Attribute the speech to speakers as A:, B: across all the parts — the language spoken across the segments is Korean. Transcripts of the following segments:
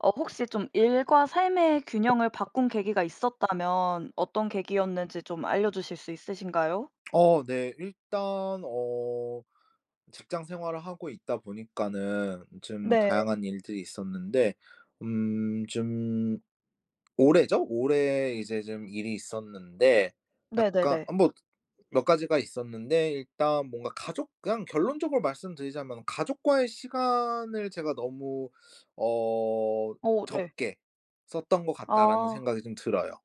A: 어 혹시 좀 일과 삶의 균형을 바꾼 계기가 있었다면 어떤 계기였는지 좀 알려주실 수 있으신가요?
B: 어 네. 일단 어 직장 생활을 하고 있다 보니까는 좀
A: 네.
B: 다양한 일들이 있었는데 음 좀 올해죠? 올해 이제 좀 일이 있었는데 약간
A: 네네네.
B: 아 뭐 몇 가지가 있었는데 일단 뭔가 가족 그냥 결론적으로 말씀드리자면은 '가족과의 시간을 제가 너무 어
A: 어 네.
B: 적게 썼던 거 같다.'라는
A: 아.
B: 생각이 좀 들어요.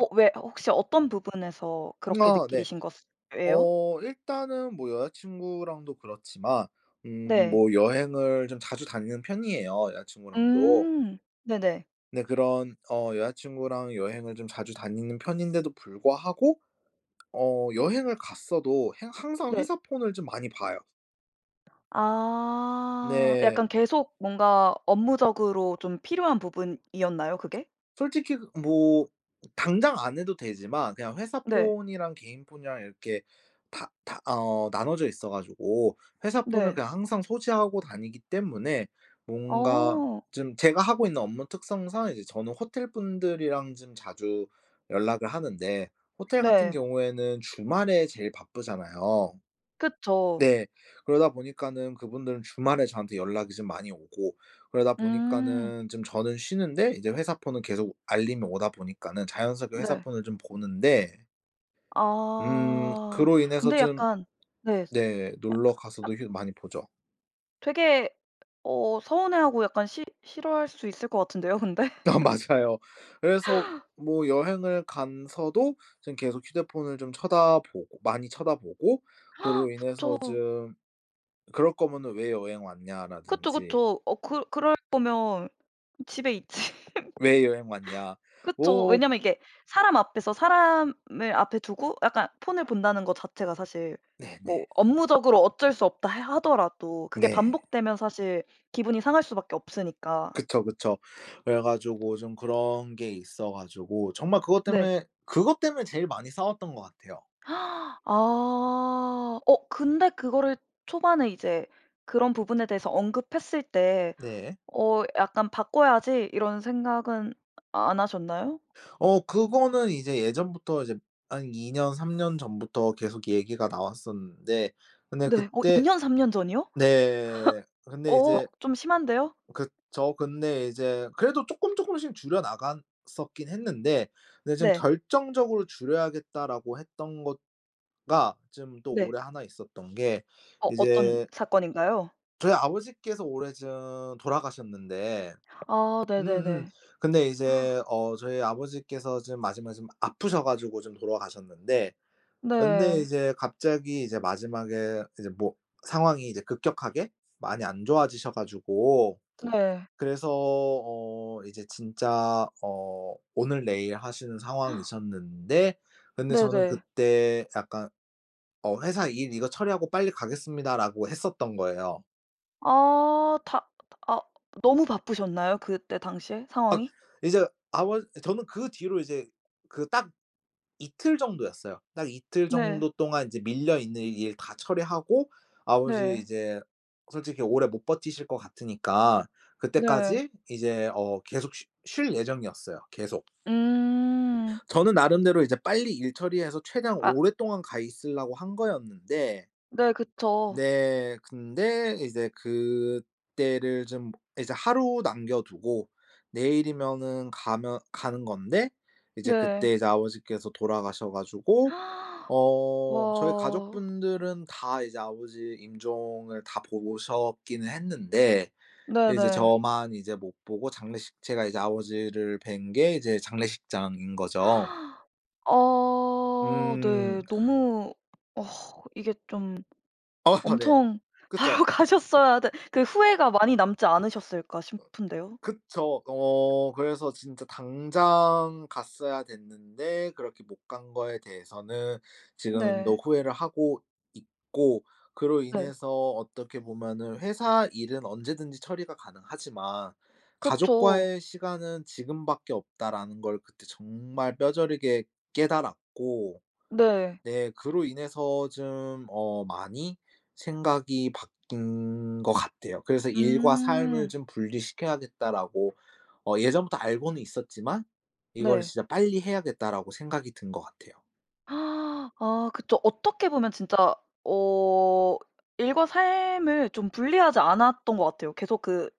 A: 어 왜 호 혹시 어떤 부분에서 그렇게
B: 어 네.
A: 느끼신 것 예요?
B: 어 일단은 뭐 여자친구랑도 그렇지만 음
A: 네.
B: 뭐 여행을 좀 자주 다니는 편이에요, 여자친구랑도.
A: 음. 네네.
B: 네. 그런 어 여자친구랑 여행을 좀 자주 다니는 편인데도 불구하고 어 여행을 갔어도 행 항상
A: 네.
B: 회사 폰을 좀 많이 봐요.
A: 아.
B: 네.
A: 약간 계속 뭔가 업무적으로 좀 필요한 부분이었나요? 그게?
B: 솔직히 그 뭐 당장 안 해도 되지만 그냥
A: 네.
B: 회사폰이랑 개인폰이랑 이렇게 다 다 어 나눠져 있어 가지고 회사폰을
A: 네.
B: 그냥 항상 소지하고 다니기 때문에 뭔가
A: 어.
B: 좀 제가 하고 있는 업무 특성상 이제 저는 호텔분들이랑 좀 자주 연락을 하는데 호텔 같은
A: 네.
B: 경우에는 주말에 제일 바쁘잖아요.
A: 그쵸.
B: 네. 그러다 보니까는 그분들은 주말에 저한테 연락이 좀 많이 오고 그러다
A: 음.
B: 보니까는 좀 저는 쉬는데 이제 회사폰은 계속 알림이 오다 보니까는 자연스럽게
A: 네.
B: 회사폰을 좀 보는데. 음
A: 아
B: 그로 인해서
A: 근데
B: 좀
A: 약간 네. 스
B: 네.
A: 야
B: 놀러 가서도
A: 앗
B: 휴 많이 보죠.
A: 되게 어 서운해하고 약간 싫 싫어할 수 있을 것 같은데요 근데?
B: 다 맞아요. 그래서 뭐 여행을 간 서도 좀 계속 휴대폰을 좀 쳐다보고 많이 쳐다보고 그로
A: 그쵸.
B: 인해서 좀 "그럴 거면은 왜 여행
A: 그쵸,
B: 왔냐?"라든지
A: 그쵸. 어 그 그럴 거면 집에 있지.
B: "왜 여행 왔냐?"
A: 그쵸.
B: 어
A: 왜냐하면 이게 사람 앞에서 사람을 앞에 두고 약간 폰을 본다는 것 자체가 사실 뭐
B: 네네.
A: 업무적으로 어쩔 수 없다 해 하더라도 그게
B: 네.
A: 반복되면 사실 기분이 상할 수밖에 없으니까.
B: 그쵸, 그쵸. 그래가지고 좀 그런 게 있어 가지고 정말 그것
A: 네.
B: 때문에, 그것 때문에 제일 많이 싸웠던 것 같아요.
A: 아. 어 근데 그거를 초반에 이제 그런 부분에 대해서 언급했을 때
B: 네.
A: 어 '약간 바꿔야지?' 이런 생각은 안 하셨나요?
B: 어 그거는 이제 예전부터 이제 한 2 년, 3 년 전부터 계속 얘기가 나왔었는데 근데
A: 네. 어 2
B: 그때
A: 년, 3 년 전이요?
B: 네.
A: 허.
B: 근데
A: 어
B: 이제
A: 좀 심한데요?
B: 그쵸? 근데 이제 그래도 쪼끔 쪼끔씩 줄여나갔었긴 했는데 근데 좀
A: 네.
B: '결정적으로 줄여야겠다.'라고 했던 것 가 좀 또
A: 네.
B: 올해 1 있었던 게
A: 어. 어떤
B: 이제
A: 사건인가요?
B: 저희 아버지께서 올해 좀 돌아가셨는데.
A: 아.
B: 음음.
A: 네네네.
B: 근데 이제 어 저희 아버지께서 좀 마지막에 좀 아프셔 가지고 좀 돌아가셨는데 근데
A: 네.
B: 이제 갑자기 이제 마지막에 이제 뭐 상황이 이제 급격하게 많이 안 좋아지셔 가지고
A: 네.
B: 그래서 어 이제 진짜 어 오늘내일하시는 상황이셨는데 근데 저는
A: 네네.
B: 그때 약간 어 "회사 일 이거 처리하고 빨리 가겠습니다."라고 했었던 거예요.
A: 어 다 아 너무 바쁘셨나요? 그때 당시에
B: 아
A: 상황이?
B: 이제 아버 저는 그 뒤로 이제 그 딱 이틀 정도였어요. 딱 이틀
A: 네.
B: 정도 동안 이제 밀려 있는 일 다 처리하고 아버지
A: 네.
B: 이제 솔직히 오래 못 버티실 거 같으니까
A: 네.
B: 그때까지 이제 어 계속 쉬 쉴 예정이었어요, 계속.
A: 음.
B: 저는 나름대로 이제 빨리 일 처리해서 최대한
A: 아.
B: 오랫동안 가 있으려고 한 거였는데
A: 네 그쵸.
B: 네 근데 이제 그때를 좀 이제 하루 남겨 두고 내일이면은 가면 가는 건데 이제
A: 네.
B: 그때 이제 아버지께서 돌아가셔 가지고 어 저희
A: 와.
B: 가족분들은 다 이제 아버지 임종을 다 보고 오셨기는 했는데 이제
A: 네네.
B: 저만 이제 못 보고 장례식 제가 이제 아버지를 뵌 게 이제 장례식장인 거죠.
A: 어
B: 음.
A: 네 너무 어 이게 좀
B: 네
A: 엄청
B: 그쵸.
A: 바로 가셨어야 되 그 후회가 많이 남지 않으셨을까 싶은데요.
B: 그쵸. 어 그래서 진짜 당장 갔어야 됐는데 그렇게 못 간 거에 대해서는 지금도
A: 네.
B: 후회를 하고 있고 그로
A: 네.
B: 인해서 어떻게 보면은 '회사 일은 언제든지 처리가 가능하지만
A: 그쵸.
B: 가족과의 시간은 지금밖에 없다.'라는 걸 그때 정말 뼈저리게 깨달았고
A: 네.
B: 네 그로 인해서 좀 어 많이 생각이 바뀐 거 같아요. 그래서 '일과 삶을
A: 음.
B: 좀 분리시켜야겠다.'라고 어 예전부터 알고는 있었지만 이거를
A: 네.
B: '진짜 빨리 해야겠다.'라고 생각이 든 거 같아요.
A: 아 그쵸. 어떻게 보면 진짜 어 일과 삶을 좀 분리하지 않았던 것 같아요. 계속 그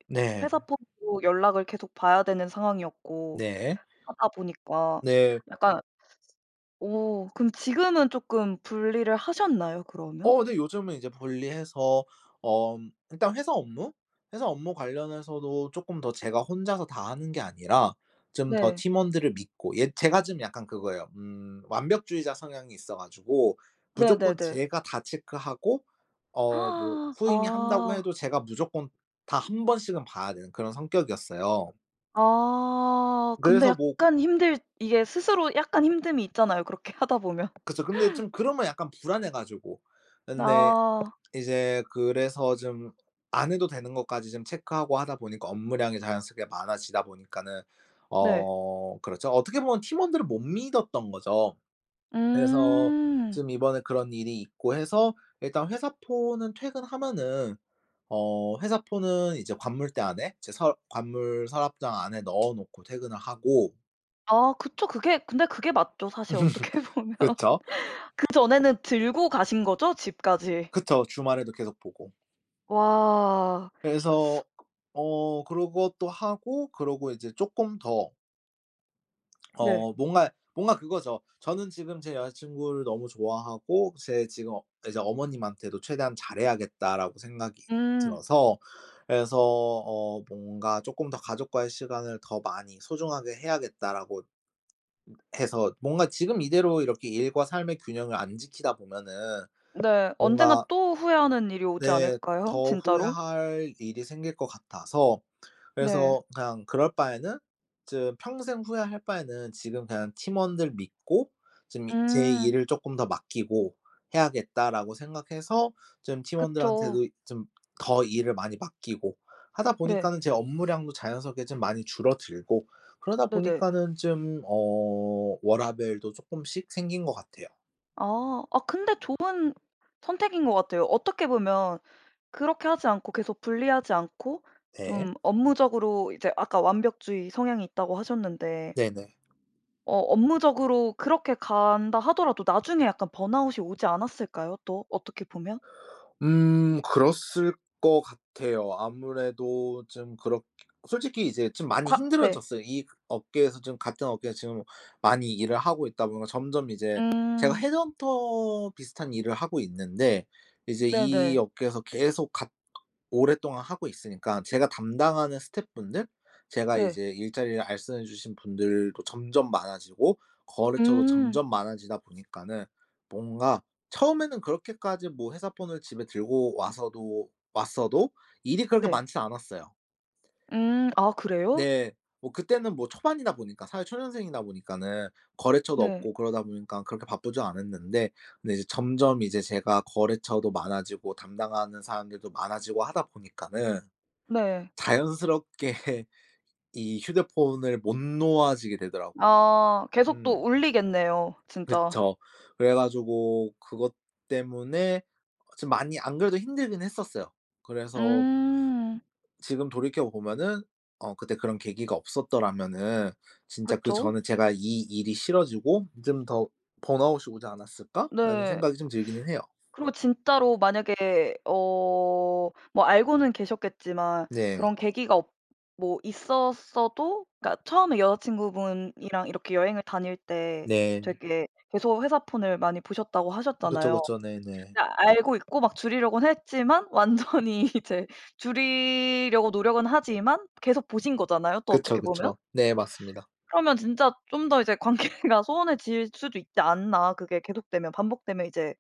A: 회사
B: 네.
A: 폰으로 연락을 계속 봐야 되는 상황이었고
B: 네.
A: 하다 보니까
B: 네.
A: 약간 어 그럼 지금은 쪼끔 분리를 하셨나요 그러면?
B: 어 네. 요즘은 이제 분리해서 엄 일단 회사 업무? 회사 업무 관련해서도 쪼끔 더 제가 혼자서 다 하는 게 아니라 좀 더
A: 네.
B: 팀원들을 믿고 예 제가 좀 약간 그거예요. 음 완벽주의자 성향이 있어가지고 무조건
A: 네네네.
B: 제가 다 체크하고 어 뭐 후임이 한다고
A: 아.
B: 해도 제가 무조건 다 1 번씩은 봐야 되는 그런 성격이었어요.
A: 아. 근데
B: 그래서 뭐
A: 약간 힘들 이게 스스로 약간 힘듦이 있잖아요. 그렇게 하다 보면.
B: 그쵸. 근데 좀 그러면 약간 불안해가지고. 근데
A: 아.
B: 이제 그래서 좀 안 해도 되는 것까지 좀 체크하고 하다 보니까 업무량이 자연스럽게 많아지다 보니까는
A: 네.
B: 어 그렇죠. 어떻게 보면 팀원들을 못 믿었던 거죠. 그래서
A: 음.
B: 좀 이번에 그런 일이 있고 해서 일단 회사 폰은 퇴근하면은 어 회사 폰은 이제 관물대 안에 제 서 관물 서랍장 안에 넣어놓고 퇴근을 하고...
A: 아 그쵸. 그게 근데 그게 맞죠. 사실 어떻게 보면.
B: 그쵸.
A: 그 전에는 들고 가신거죠 집까지.
B: 그쵸. 주말에도 계속 보고.
A: 와.
B: 그래서 어 그러고 또 하고 그러고 이제 쪼끔 더
A: 네.
B: 어 뭔가 뭔가 그거죠. 저는 지금 제 여자 친구를 너무 좋아하고 제 지금 이제 '어머님한테도 최대한 잘해야겠다.'라고 생각이
A: 음.
B: 들어서 그래서 어 뭔가 쪼끔 더 '가족과의 시간을 더 많이 소중하게 해야겠다.'라고 해서 뭔가 지금 이대로 이렇게 일과 삶의 균형을 안 지키다 보면은
A: 네. 언젠가
B: 뭔가
A: 또 후회하는 일이 오지
B: 네.
A: 않을까요?
B: 더
A: 진짜로?
B: 후회할 일이 생길 것 같아서
A: 네.
B: 그래서 그냥 그럴 바에는 즈 평생 후회할 바에는 지금 그냥 팀원들 믿고 지금 이 제
A: 음.
B: 일을 '쪼끔 더 맡기고 해야겠다.'라고 생각해서 좀
A: 그쵸.
B: 팀원들한테도 좀 더 일을 많이 맡기고 하다
A: 네.
B: 보니까는 제 업무량도 자연스럽게 좀 많이 줄어들고 그러다
A: 네네.
B: 보니까는 좀 어 워라밸도 쪼끔씩 생긴 것 같아요.
A: 아. 아 근데 좋은 선택인 것 같아요. 어떻게 보면 그렇게 하지 않고 계속 분리하지 않고
B: 네.
A: 좀 업무적으로 이제 아까 "완벽주의 성향이 있다."고 하셨는데
B: 네네.
A: 어 업무적으로 그렇게 간다 하더라도 나중에 약간 번아웃이 오지 않았을까요? 또 어떻게 보면?
B: 음. 그랬을 것 같아요. 아무래도 좀 그렇게 솔직히 이제 좀 많이
A: 과 네.
B: 힘들어졌어요. 이 업계에서 좀 같은 업계에서 지금 많이 일을 하고 있다 보면 점점 이제 제가
A: 음.
B: 헤드헌터 비슷한 일을 하고 있는데 이제 이
A: 네네.
B: 업계에서 계속 같 오랫동안 하고 있으니까 제가 담당하는 스텝분들 제가
A: 네.
B: 이제 일자리를 알선해 주신 분들도 점점 많아지고 거래처도
A: 음.
B: 점점 많아지다 보니까는 뭔가 처음에는 그렇게까지 뭐 회사 폰을 집에 들고 와서도 왔어도 일이 그렇게
A: 네.
B: 많진 않았어요.
A: 음. 아 그래요?
B: 네. 뭐 그때는 뭐 초반이다 보니까 사회 초년생이다 보니까는 거래처도
A: 네.
B: 없고 그러다 보니까 그렇게 바쁘지 않았는데 근데 이제 점점 이제 제가 거래처도 많아지고 담당하는 사람들도 많아지고 하다 보니까는
A: 네.
B: 자연스럽게 이 휴대폰을 못 놓아지게 되더라고.
A: 아. 계속 또
B: 음.
A: 울리겠네요 진짜.
B: 그쵸. 그래 가지고 그것 때문에 좀 많이 안 그래도 힘들긴 했었어요. 그래서
A: 음.
B: 지금 돌이켜 보면은 어 '그때 그런 계기가 없었더라면은 진짜
A: 그쵸.
B: 그전에 제가 이 일이 싫어지고 좀 더 번아웃이 오지 않았을까?'라는
A: 네.
B: 생각이 좀 들기는 해요.
A: 그리고 진짜로 만약에 어 뭐 알고는 계셨겠지만
B: 네.
A: 그런 계기가 없 뭐 있었어도 그러니까 처음에 여자친구분이랑 이렇게 여행을 다닐 때
B: 네.
A: 되게 계속 회사 폰을 많이 보셨다고
B: 그쵸,
A: 하셨잖아요.
B: 그쵸. 네네.
A: 근데 알고 있고 막 줄이려고는 했지만 완전히 이제 줄이려고 노력은 하지만 계속 보신 거잖아요 또
B: 그쵸.
A: 어떻게 보면.
B: 그쵸. 네. 맞습니다.
A: 그러면 진짜 좀 더 이제 관계가 소원해질 수도 있지 않나 그게 계속되면 반복되면 이제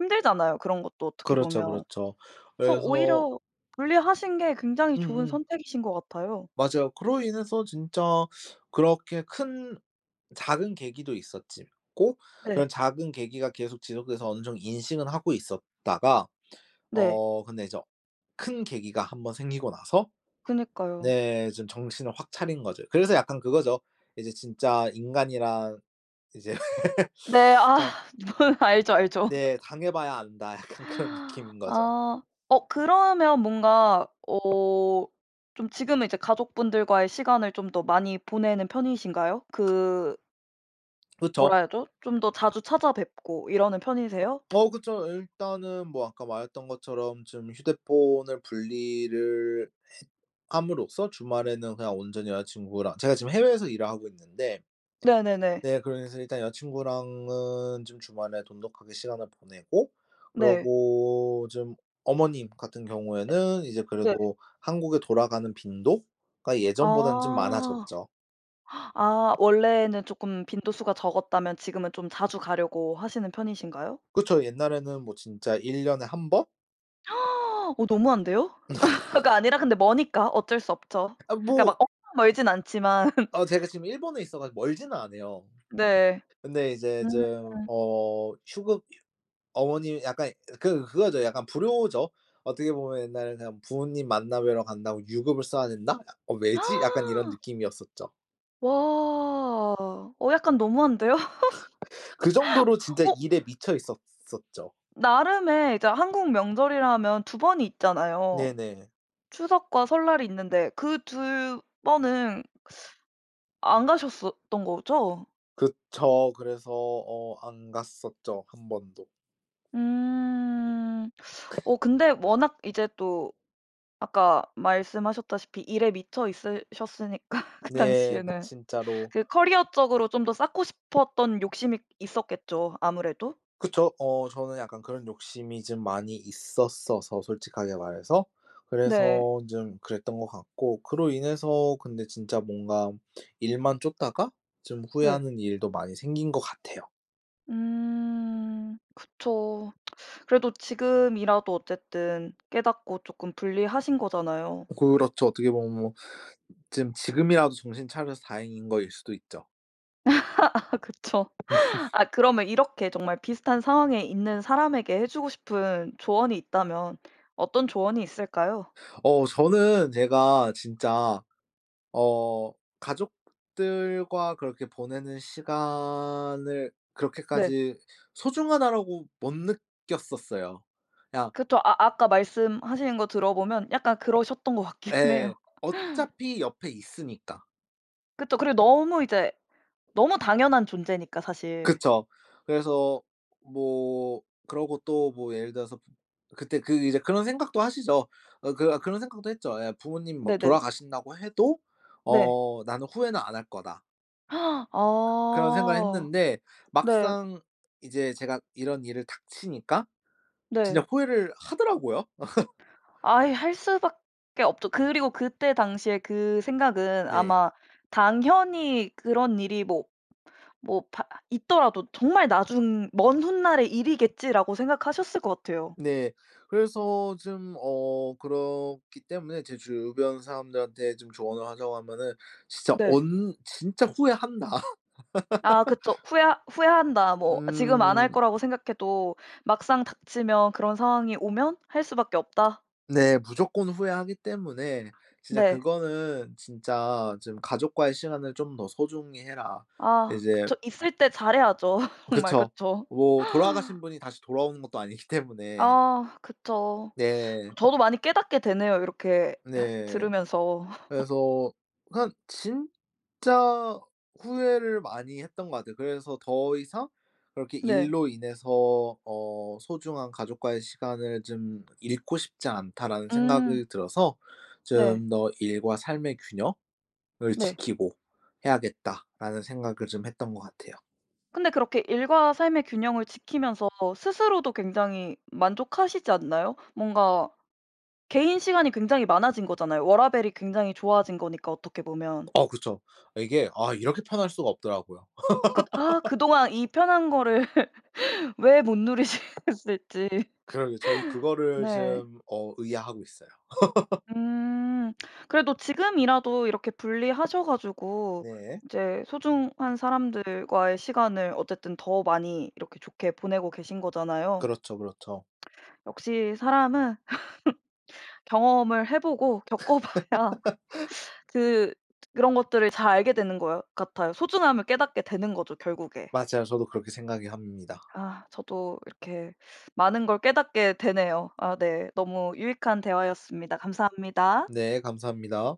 A: 힘들잖아요 그런 것도 어떻게
B: 그렇죠,
A: 보면.
B: 그렇죠.
A: 그래서
B: 그래서
A: 오히려 분리하신 게 굉장히 좋은
B: 음음.
A: 선택이신 것 같아요.
B: 맞아요. 그로 인해서 진짜 그렇게 큰 작은 계기도 있었지 고 그런
A: 네.
B: 작은 계기가 계속 지속돼서 어느 정도 인식은 하고 있었다가
A: 네.
B: 어 근데 이제 큰 계기가 한번 생기고 나서
A: 그니까요.
B: 네. 좀 정신을 확 차린 거죠. 그래서 약간 그거죠. 이제 진짜 인간이란 이제
A: 네. 아.
B: 참.
A: 뭔 알죠, 알죠.
B: 네. '당해 봐야 안다.' 약간 그런 느낌인 거죠.
A: 아. 어 그러면 뭔가 어 좀 지금은 이제 가족분들과의 시간을 좀 더 많이 보내는 편이신가요? 그
B: 그쵸.
A: 뭐라 해야죠? 좀 더 자주 찾아뵙고 이러는 편이세요?
B: 어 그쵸. 일단은 뭐 아까 말했던 것처럼 좀 휴대폰을 분리를 해 함으로써 주말에는 그냥 온전히 여자 친구랑 제가 지금 해외에서 일을 하고 있는데
A: 네네네.
B: 네 그래서 일단 여자 친구랑은 좀 주말에 돈독하게 시간을 보내고
A: 네.
B: 그러고 좀 어머님 같은
A: 네.
B: 경우에는 이제
A: 네.
B: 그래도 한국에 돌아가는 빈도가 예전보다는 좀
A: 아.
B: 많아졌죠.
A: 아 원래는 쪼끔 빈도수가 적었다면 지금은 좀 자주 가려고 하시는 편이신가요?
B: 그쵸. 옛날에는 뭐 진짜 1 년에 1 번?
A: 어 너무한데요? 가 아니라 근데 머니까 어쩔 수 없죠.
B: 아
A: 그러니까 막
B: 뭐
A: 엄청 멀진 않지만.
B: 아 제가 지금 일본에 있어가 멀지는 않아요.
A: 네.
B: 근데 이제
A: 음.
B: 좀 어 휴급 유 어머님 약간 그 그거죠, 약간 불효죠. 어떻게 보면 옛날에 그냥 부모님 만나 뵈러 간다고 유급을 써야 된다? 약 '어 왜지?' 약간 이런 느낌이었었죠.
A: 와. 어 약간 너무한데요?
B: 그 정도로 진짜
A: 어
B: 일에 미쳐 있었었죠.
A: 나름에 이제 한국 명절이라면 2 번이 있잖아요.
B: 네네.
A: 추석과 설날이 있는데 그 2 번은 안 가셨었던 거죠?
B: 그쵸. 그래서 어 안 갔었죠 1 번도.
A: 음 어 근데 워낙 이제 또 아까 말씀하셨다시피 일에 미쳐 있으셨으니까 그
B: 네 그
A: 당시에는
B: 진짜로
A: 그 커리어 쪽으로 좀 더 쌓고 싶었던 욕심이 있었겠죠 아무래도.
B: 그쵸. 어 저는 약간 그런 욕심이 좀 많이 있었어서 솔직하게 말해서.
A: 네.
B: 그래서 좀 그랬던 거 같고 그로 인해서 근데 진짜 뭔가 일만 쫓다가 좀
A: 네.
B: 후회하는 일도 많이 생긴 거 같아요.
A: 음 그쵸. 그래도 지금이라도 어쨌든 깨닫고 조금 분리하신 거잖아요.
B: 그렇죠. 어떻게 보면 뭐 지금, 지금이라도 정신 차려서 다행인 거일 수도 있죠.
A: 아 그쵸. 아 그러면 이렇게 정말 비슷한 상황에 있는 사람에게 해 주고 싶은 조언이 있다면 어떤 조언이 있을까요?
B: 어 저는 제가 진짜 어 가족들과 그렇게 보내는 시간을
A: 네.
B: 그렇게까지 '소중하다.'라고 못 느꼈었어요. 그냥
A: 그쵸. 아 아까 말씀하시는 거 들어 보면 약간 그러셨던 것 같긴
B: 예.
A: 해요.
B: 어차피 옆에 있으니까.
A: 그쵸. 그리고 너무 이제 너무 당연한 존재니까 사실.
B: 그쵸. 그래서 뭐 그러고 또 뭐 예를 들어서 그때 그 이제 그런 생각도 하시죠. 어 그 그런 생각도 했죠. 예 부모님이 막
A: 네네네.
B: 돌아가신다고 해도
A: 네.
B: 어 '나는 후회는 안 할 거다.' 그런 생각을
A: 아
B: 했는데
A: 네.
B: 막상 이제 제가 이런 일을 닥치니까
A: 네.
B: 진짜 후회를 하더라고요.
A: 아이 할 수밖에 없죠. 그리고 그때 당시에 그 생각은
B: 네.
A: 아마 당연히 그런 일이 뭐 뭐 바 있더라도 정말 나중 '먼 훗날의 일이겠지.'라고 생각하셨을 것 같아요.
B: 네. 그래서 좀 어 그렇기 때문에 제 주변 사람들한테 좀 조언을 하자고 하면은 진짜
A: 네.
B: 언 "진짜 후회한다."
A: 아 그쵸. 후회 "후회한다." 뭐 지금 안 할
B: 음.
A: 거라고 생각해도 막상 닥치면 그런 상황이 오면 "할 수밖에 없다."
B: 네. 무조건 후회하기 때문에 진짜
A: 네.
B: 그거는 진짜 좀 "가족과의 시간을 좀 더 소중히 해라."
A: 아
B: 이제
A: 그쵸. 있을 때 잘해야죠. 정말
B: 그쵸.
A: 그쵸.
B: 뭐 돌아가신 분이 다시 돌아오는 것도 아니기 때문에.
A: 아 그쵸.
B: 네.
A: 저도 많이 깨닫게 되네요 이렇게 [unintelligible]
B: 네.
A: 들으면서.
B: 그래서 한 진짜 후회를 많이 했던 거 같아요. 그래서 더 이상 그렇게
A: 네.
B: '일로 인해서 어 소중한 가족과의 시간을 좀 잃고 싶지 않다.'라는
A: 음.
B: 생각이 들어서
A: 네.
B: 좀 더 '일과 삶의 균형을
A: 네.
B: 지키고 해야겠다.'라는 생각을 좀 했던 거 같아요.
A: 근데 그렇게 일과 삶의 균형을 지키면서 스스로도 굉장히 만족하시지 않나요? 뭔가 개인 시간이 굉장히 많아진 거잖아요. 워라밸이 굉장히 좋아진 거니까 어떻게 보면.
B: 어 그쵸. 이게 아 이렇게 편할 수가 없더라고요.
A: 그 아 그동안 이 편한 거를 왜 못 누리셨을지.
B: 그러게 저도 그거를
A: 네.
B: 지금 어 의아해 하고 있어요.
A: 음. 그래도 지금이라도 이렇게 분리하셔 가지고
B: 네.
A: 이제 소중한 사람들과의 시간을 어쨌든 더 많이 이렇게 좋게 보내고 계신 거잖아요.
B: 그렇죠, 그렇죠.
A: 역시 사람은 경험을 해 보고 겪어 봐야 그 또 그런 것들을 잘 알게 되는 것 같아요. 소중함을 깨닫게 되는 거죠 결국에.
B: 맞아요. 저도 그렇게 생각을 합니다.
A: 아 저도 이렇게 많은 걸 깨닫게 되네요. 아 네. 너무 유익한 대화였습니다. 감사합니다.
B: 네. 감사합니다.